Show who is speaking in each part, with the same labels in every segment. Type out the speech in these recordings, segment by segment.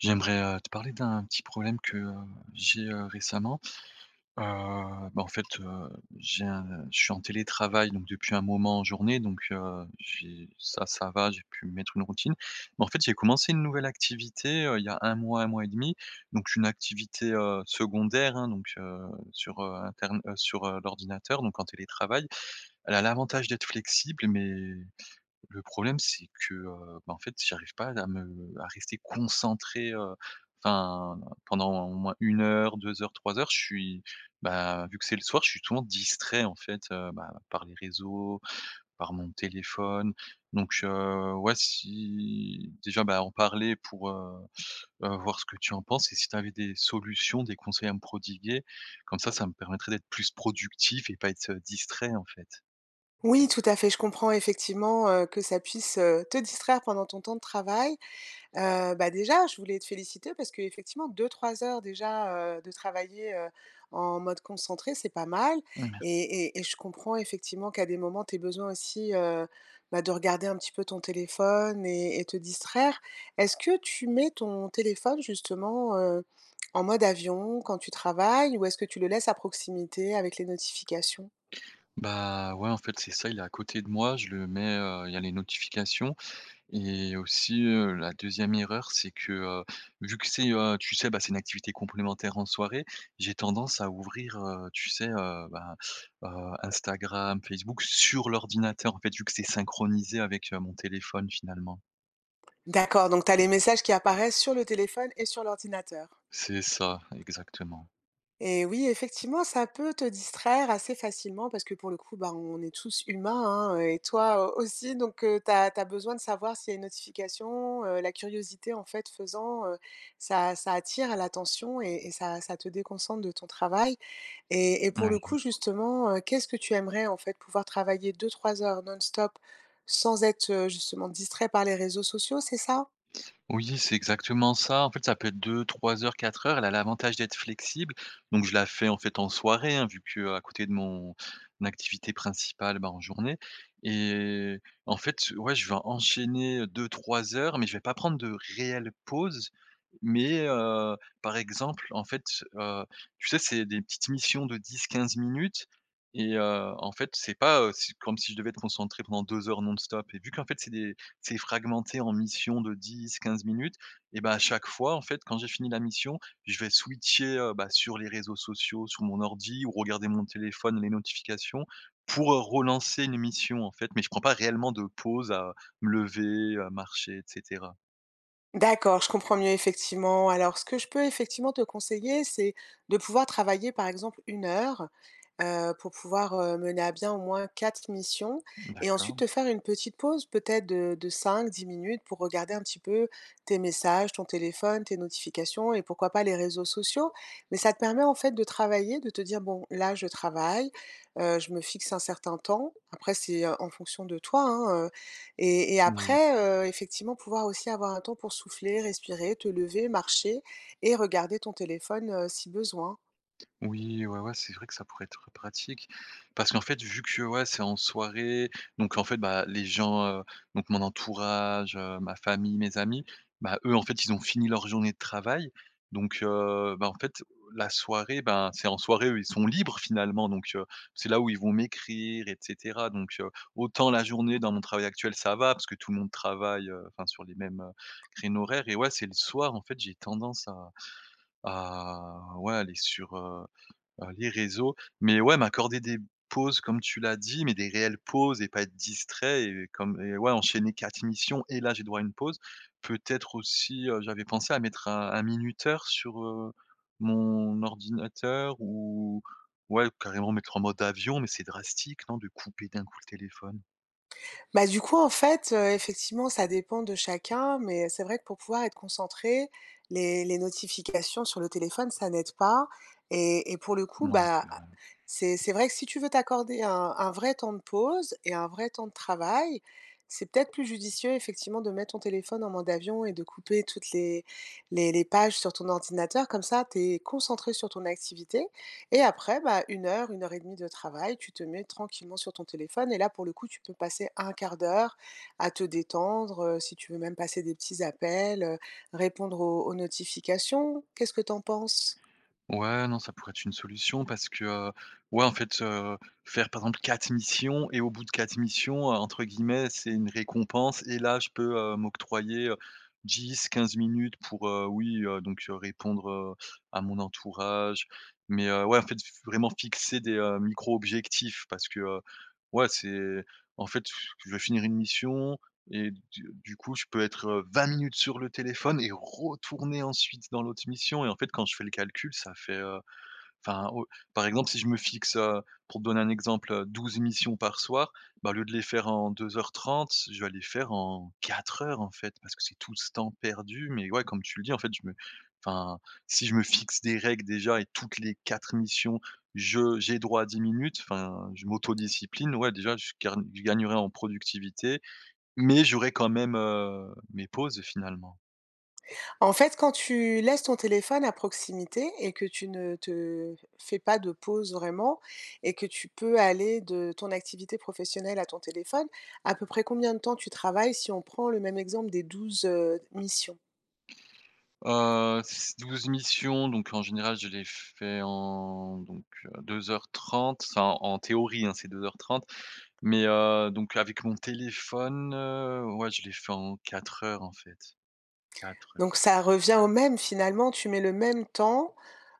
Speaker 1: J'aimerais, heu, te parler d'un petit problème que j'ai, heu, récemment. Heu, bah, en fait, heu, j'ai, heu je suis en télétravail donc depuis un moment, en journée donc, heu, j'ai ça, ça va, j'ai pu mettre une routine mais en fait, j'ai commencé une nouvelle activité, heu, il y a 1 mois, 1 mois et 1/2, donc une activité, heu, secondaire, hein donc heu, sur, heu, intern heu, sur l'ordinateur donc en télétravail. Elle a l'avantage d'être flexible mais, le problème c'est que, heu, bah, en fait j'arrive pas à me à rester concentré, heu, enfin, pendant au moins 1 heure, 2 heures, 3 heures. Je suis ben, vu que c'est le soir, je suis toujours distrait, en fait, heu, ben, par les réseaux, par mon téléphone. Donc, heu, ouais. Si déjà, bah, en parler pour, heu, heu, voir ce que tu en penses et si tu avais des solutions, des conseils à me prodiguer. Comme ça, ça me permettrait d'être plus productif et pas être, heu, distrait en fait.
Speaker 2: Oui, tout à fait. Je comprends effectivement, heu, que ça puisse, heu, te distraire pendant ton temps de travail. Heu, bah, déjà, je voulais te féliciter parce que effectivement, 2-3 heures déjà, heu, de travaillées, heu, en mode concentré, c'est pas mal
Speaker 1: Mmh merci.
Speaker 2: et et et je comprends, effectivement, qu'à des moments, tu aies besoin aussi, heu, bah de regarder un petit peu ton téléphone mais et te distraire. Est-ce que tu mets ton téléphone, justement, heu, en mode avion quand tu travailles? Ou est-ce que tu le laisses à proximité avec les notifications?
Speaker 1: Bah, ouais. En fait, c'est ça. Il est à côté de moi, je le mets, heu il y a les notifications et aussi, heu, la 2e erreur c'est que, heu, vu que c'est, heu, tu sais, ben, c'est une activité complémentaire en soirée, j'ai tendance à ouvrir, heu, tu sais, heu, bah, heu, Instagram, Facebook, sur l'ordinateur, en fait. Vu que c'est synchronisé avec, heu, mon téléphone, finalement.
Speaker 2: D'accord, donc tu as les messages qui apparaissent sur le téléphone et sur l'ordinateur.
Speaker 1: C'est ça, exactement.
Speaker 2: Et oui effectivement, ça peut te distraire assez facilement parce que pour le coup, bah, on est tous humains hein, heu, et toi aussi donc heu, tu as tu as besoin de savoir si il y a une notification, heu, la curiosité en fait faisant, heu, ça ça attire l'attention et et ça ça te déconcentre de ton travail, et et pour
Speaker 1: Ouais,
Speaker 2: le
Speaker 1: mmh.
Speaker 2: coup justement, heu, qu'est-ce que tu aimerais en fait, pouvoir travailler 2-3 heures non-stop sans être, heu, justement distrait par les réseaux sociaux, c'est ça?
Speaker 1: Oui c'est exactement ça en fait ça peut être 2-3 heures, 4 heures, elle a l'avantage d'être flexible donc je la fais en fait en soirée hein, vu qu'à côté de mon activité principale ben en journée, et en fait, ouais je vais enchaîner 2-3 heures mais je vais pas prendre de réelle pause, mais heu, par exemple en fait, heu, tu sais c'est des petites missions de 10-15 minutes et heu, en fait c'est pas, heu, si comme si je devais être concentré pendant 2 heures non stop et vu qu'en fait c'est des c'est fragmenté en mission de 10-15 minutes, et ben à chaque fois en fait quand j'ai fini la mission, je vais switcher, heu, bah sur les réseaux sociaux, sur mon ordi ou regarder mon téléphone les notifications, pour, heu, relancer une mission en fait mais je prends pas réellement de pause à me lever, à marcher et cetera.
Speaker 2: D'accord, je comprends mieux effectivement. Alors ce que je peux effectivement te conseiller c'est, de pouvoir travailler par exemple 1 heure, heu, pour pouvoir, heu, mener à bien au moins 4 missions, et ensuite
Speaker 1: D'accord.
Speaker 2: te faire une petite pause peut-être de de 5-10 minutes pour regarder un petit peu tes messages, ton téléphone, tes notifications et pourquoi pas les réseaux sociaux, mais ça te permet en fait de travailler, de te dire: «Bon, là je travaille, heu, je me fixe un certain temps», après c'est, heu, en fonction de toi hein, heu, et et
Speaker 1: N oui.
Speaker 2: après, heu, effectivement pouvoir aussi avoir un temps pour souffler, respirer, te lever, marcher, et regarder ton téléphone, heu, si besoin.
Speaker 1: Oui, ouais, ouais, c'est vrai que ça pourrait être pratique, parce qu'en fait vu que, ouais, c'est en soirée, donc en fait bah, les gens, heu, donc mon entourage, heu, ma famille, mes amis, ben eux en fait ils ont fini leur journée de travail, donc heu, ben en fait la soirée, ben c'est en soirée eux ils sont libres finalement donc heu, c'est là où ils vont m'écrire et cetera donc heu, autant la journée dans mon travail actuel ça va parce que tout le monde travaille, heu, enfin sur les mêmes, heu, créneaux horaires, et ouais c'est le soir en fait j'ai tendance à à ouais aller sur, heu heu, les réseaux, mais ouais m'accorder des pauses, comme tu l'as dit mais des réelles pauses et pas être distrait et comme et ouais enchaîner 4 missions et là j'ai droit à une pause, peut-être aussi, heu, j'avais pensé à mettre un un minuteur sur, heu, mon ordinateur ou ouais carrément mettre en mode avion, mais c'est drastique non de couper d'un coup le téléphone?
Speaker 2: Bah, du coup, en fait, heu, effectivement, ça dépend de chacun, mais c'est vrai que pour pouvoir être concentré, les les notifications sur le téléphone, ça n'aide pas et et pour le coup,
Speaker 1: Ouais,
Speaker 2: bah,
Speaker 1: c'est
Speaker 2: ah,
Speaker 1: vrai.
Speaker 2: c'est c'est vrai que si tu veux t'accorder un un vrai temps de pause et un vrai temps de travail, c'est peut-être plus judicieux, effectivement, de mettre ton téléphone en mode d'avion et de couper toutes les les les pages sur ton ordinateur comme ça tu es concentré sur ton activité et après, bah, 1 heure, 1 heure et 1/2 de travail, tu te mets tranquillement sur ton téléphone et là, pour le coup, tu peux passer 1/4 d'heure à te détendre, heu, si tu veux même passer des petits appels, heu, répondre aux aux notifications, qu'est-ce que t'en penses?
Speaker 1: Ouais, non, ça pourrait être une solution, parce que, heu, ouais, en fait, heu, faire, par exemple 4 missions et au bout de 4 missions, entre guillemets «c'est une récompense» et, là, je peux, heu, m'octroyer, heu, 10-15 minutes pour, heu, oui, heu, donc répondre, heu, à mon entourage mais heu, ouais, en fait, faut vraiment fixer des micro objectifs, parce que, heu, ouais, c'est, en fait, pff, tu veux finir une mission et du du coup, je peux être, heu, 20 minutes sur le téléphone et retourner ensuite dans l'autre mission et, en fait, quand je fais le calcul, ça fait, heu, enfin, heu, par exemple, si je me fixe, heu, pour te donner un exemple, 12 missions par soir, bah, au lieu de les faire en 2 heures 30, je vais les faire en 4 heures, en fait, parce que c'est tout ce temps perdu mais, ouais, comme tu le dis, en fait, je me enfin, si je me fixe des règles déjà et toutes les 4 missions je j'ai droit à 10 minutes, enfin, je m'autodiscipline, ouais, déjà, je gagne je gagnerais en productivité mais j'aurais quand même, heu, mes pauses, finalement.
Speaker 2: En fait, quand tu laisses ton téléphone à proximité et que tu ne te f fais pas de pause vraiment et que tu peux aller de ton activité professionnelle à ton téléphone, à peu près combien de temps tu travailles, si on prend le même exemple des 12, heu, missions?
Speaker 1: Heu, s 12 missions donc en général je les fais en donc heu, 2 heures 30, enfin, en théorie, hein, c'est 2 heures 30 mais heu donc avec mon téléphone, heu, ouais, je les fait en 4 heures en fait, 4 ouais.
Speaker 2: Donc ça revient au même finalement, tu mets le même temps,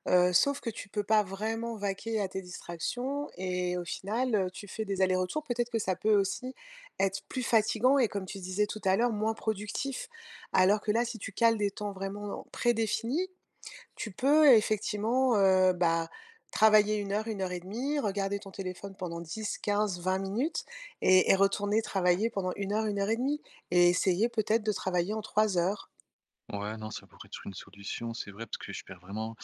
Speaker 2: heu, sauf que tu peux pas vraiment vaquer à tes distractions et au final, heu, tu fais des allers-retours, peut-être que ça peut aussi être plus fatiguant et comme tu disais tout à l'heure, moins productif? Alors que là, si tu cales des temps vraiment prédéfinis, tu peux effectivement, heu bah, travailler 1 heure, 1 heure et demie, regarder ton téléphone pendant 10-15-20 minutes et et retourner travailler pendant 1 heure, 1 heure et demie et essayer peut-être de travailler en 3 heures?
Speaker 1: Ouais, non, ça pourrait être une solution, c'est vrai, parce que je perds vraiment,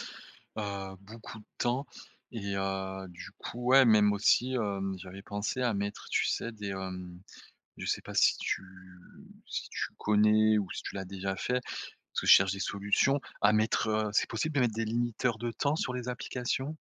Speaker 1: heu, beaucoup de temps et heu, du coup, ouais, même aussi, hem, j'avais pensé à mettre, tu sais, des, hem, je sais pas si tu si tu connais ou si tu l'as déjà fait? Parce que je cherche des solutions à mettre, heu, c'est possible de mettre des limiteurs de temps sur les applications?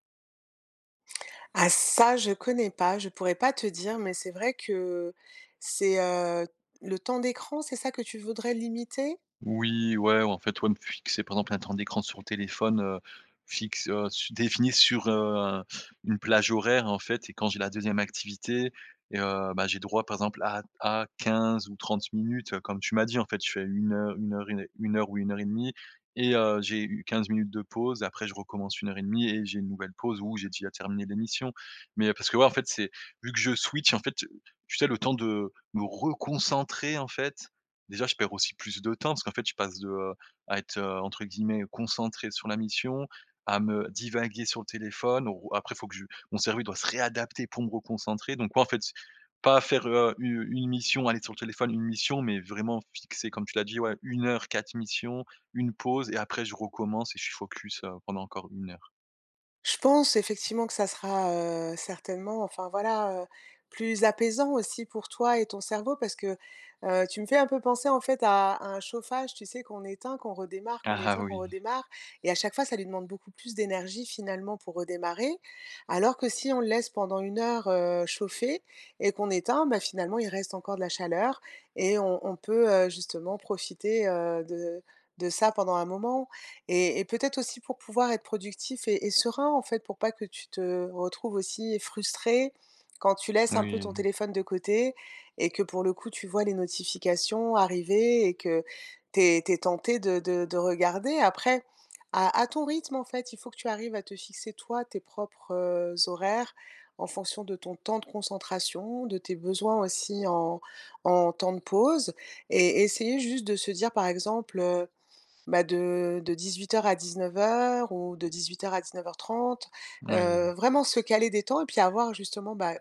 Speaker 2: Ah, ça, je connais pas, je pourrais pas te dire mais c'est vrai que, heu, c'est, heu, le temps d'écran, c'est ça que tu voudrais limiter?
Speaker 1: Oui, ouais, en fait, ouais, me fixer, par exemple, un temps d'écran sur le téléphone, heu, fixe, heu, su définit sur, heu, une plage horaire et en fait et quand j'ai la 2e activité et heu, ben, j'ai droit par exemple, à à 15 ou 30 minutes, heu, comme tu m'as dit, en fait. Je fais 1 heu 1 heure 1 heure ou 1 heure 1/2 et heu, j'ai u 15 minutes de pause et après je recommence 1 heure 1/2 et j'ai une nouvelle pause ou j'ai déjà terminé les missions. Mais parce que, ouais, en fait, c'est vu que je switch, en fait, heu, tu sais, le temps de me reconcentrer, en fait, déjà, je perds aussi plus de temps parce qu'en fait, je passe de, heu, à être, entre guillemets, «concentré sur la mission», à me divaguer sur le téléphone où après faut que je mon cerveau doit se réadapter pour me reconcentrer donc ouais, en fait, pas faire, heu, u une mission, aller sur le téléphone, 1 mission mais vraiment fixer, comme tu l'as dit, ouais, 1 heure 4 missions, une pause et après, je recommence et je suis focus, heu, pendant encore 1 heure.
Speaker 2: Je pense, effectivement, que ça sera, heu, certainement, enfin, voilà, heu, plus apaisant aussi pour toi et ton cerveau parce que, heu, tu me fais un peu penser, en fait, à un chauffage, tu sais, qu'on éteint, qu'on redémarre, qu'on
Speaker 1: Ah, ah,
Speaker 2: éteint, qu'on
Speaker 1: oui.
Speaker 2: redémarre. Et à chaque fois, ça lui demande beaucoup plus d'énergie, finalement, pour redémarrer. Alors que si on le laisse pendant 1 heure, heu, chauffer et qu'on éteint, ben, finalement, il reste encore de la chaleur et on on peut, heu, justement profiter, heu, de de ça, pendant un moment et et peut-être aussi pour pouvoir être productif et et serein, en fait, pour pas que tu te retrouves aussi frustré quand tu laisses un peu ton
Speaker 1: Oui.
Speaker 2: téléphone de côté et que, pour le coup, tu vois les notifications arriver et que tu es tu es tenté de de de regarder. Après à à ton rythme, en fait, il faut que tu arrives à te fixer, toi, tes propres, heu, horaires, en fonction de ton temps de concentration, de tes besoins, aussi, en en temps de pause et essayer juste de se dire, par exemple, heu: «Bah, de de 18:00 à 19:00 ou de 18:00 à 19:30», heu,
Speaker 1: Oui.
Speaker 2: vraiment se caler des temps et puis avoir, justement, bah,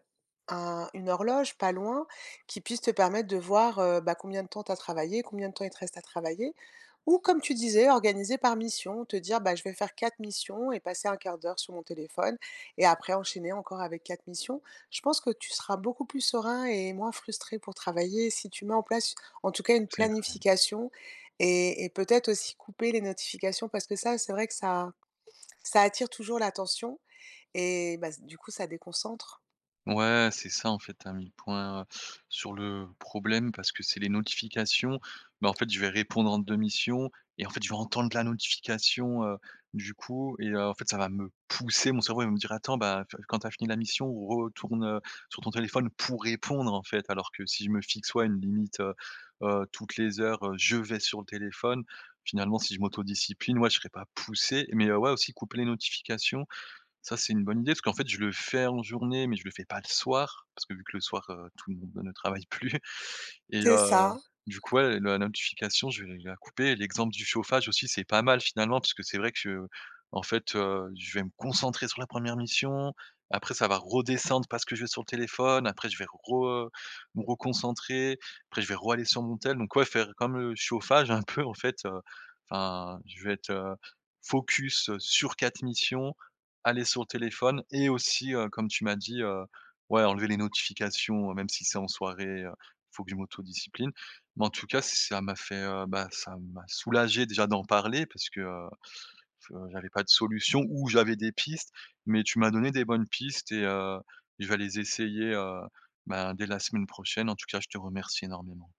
Speaker 2: un une horloge pas loin qui puisse te permettre de voir, heu, bah, combien de temps tu as travaillé, combien de temps il te reste à travailler. Ou, comme tu disais, organiser par mission, te dire: «Bah, je vais faire 4 missions et passer 1/4 d'heure sur mon téléphone et après enchaîner encore avec 4 missions». Je pense que tu seras beaucoup plus serein et moins frustré pour travailler si tu mets en place, en tout cas, une
Speaker 1: C'est vrai.
Speaker 2: planification et et peut-être aussi couper les notifications parce que ça, c'est vrai que ça ça attire toujours l'attention et bah, z du coup, ça déconcentre.
Speaker 1: Ouais, c'est ça, en fait. Tu as mis le point, heu, sur le problème parce que c'est les notifications. Mais en fait, je vais répondre entre 2 missions et en fait, je vais entendre la notification. Heu, du coup et heu, en fait, ça va me pousser. Mon cerveau, il va me dire: «Attends, bah, tu vois, quand tu as fini la mission, retourne sur ton téléphone pour répondre», en fait. Alors que si je me fixe, ouais, une limite, heu-heu, toutes les heures, heu, je vais sur le téléphone. Finalement, si je m'autodiscipline, ouais, je serai pas poussé mais ouais, aussi couper les notifications. Ça, c'est une bonne idée parce qu'en fait, je le fais en journée mais je le fais pas le soir parce que, vu que le soir, heu, tout le monde ne travaille plus et
Speaker 2: C'est
Speaker 1: heu,
Speaker 2: ça.
Speaker 1: du coup, ouais, le la notification, je vais l la couper. L'exemple du chauffage aussi, c'est pas mal finalement puisque c'est vrai que, heu, en fait, heu, je vais me concentrer sur la 1re mission. Après ça va redescendre parce que je vais sur le téléphone. Après je vais re me reconcentrer. Après je vais raller sur mon téléphone. Donc ouais, faire comme le chauffage, un peu, en fait, heu, enfin, je vais être, heu, focus sur 4 missions, aller sur le téléphone et aussi, heu, comme tu m'as dit, heu, ouais, enlever les notifications, même si c'est en soirée, heu, il faut que je m'autodiscipline mais en tout cas, ça m'a fait, heu, bah, ça m'a soulagé, déjà, d'en parler parce que, heu, je j'avais pas de solution ou j'avais des pistes mais tu m'as donné des bonnes pistes et heu, je vais les essayer, heu, ben, dès la semaine prochaine. En tout cas, je te remercie énormément.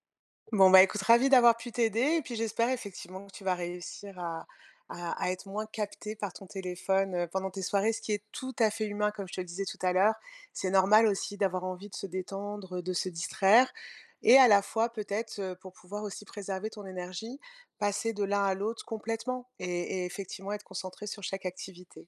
Speaker 2: Bon, ben, écoute, ravie d'avoir pu t'aider et puis, j'espère, effectivement, que tu vas réussir à à à être moins capté par ton téléphone, heu, pendant tes soirées, ce qui est tout à fait humain, comme je te le disais tout à l'heure. C'est normal aussi d'avoir envie de se détendre, de se distraire et à la fois, peut-être, heu, pour pouvoir aussi préserver ton énergie, passer de l'un à l'autre complètement et et effectivement être concentré sur chaque activité.